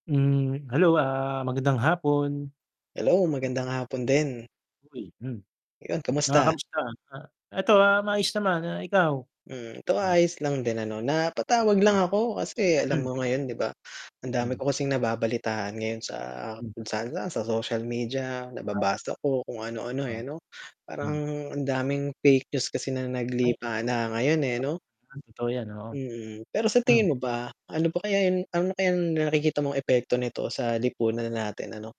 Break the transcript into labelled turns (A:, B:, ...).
A: Hmm, hello, ah, magandang hapon.
B: Hello, magandang hapon din.
A: Uy, hmm.
B: Ayun,
A: Ah,
B: kamusta?
A: kamusta, ah, eto ah maayos naman, ah ikaw?
B: Hmm, 'to ayos lang din ano, napatawag lang ako kasi alam
A: Hmm
B: mo ngayon 'di ba, ang dami ko kasing nababalitaan ngayon sa kung saan-saan, sa social media,
A: A
B: nababasa ko, kung ano-ano
A: Ah,
B: eh 'no. Parang
A: hmm
B: ang daming fake news kasi na
A: Ay, oo.
B: naglipana ngayon eh, 'no?
A: Totoo 'yan, oo.
B: Mm, pero sa
A: M
B: tingin mo ba, ano pa kaya yung ano na kayang nakikita mong epekto nito sa lipunan natin, ano?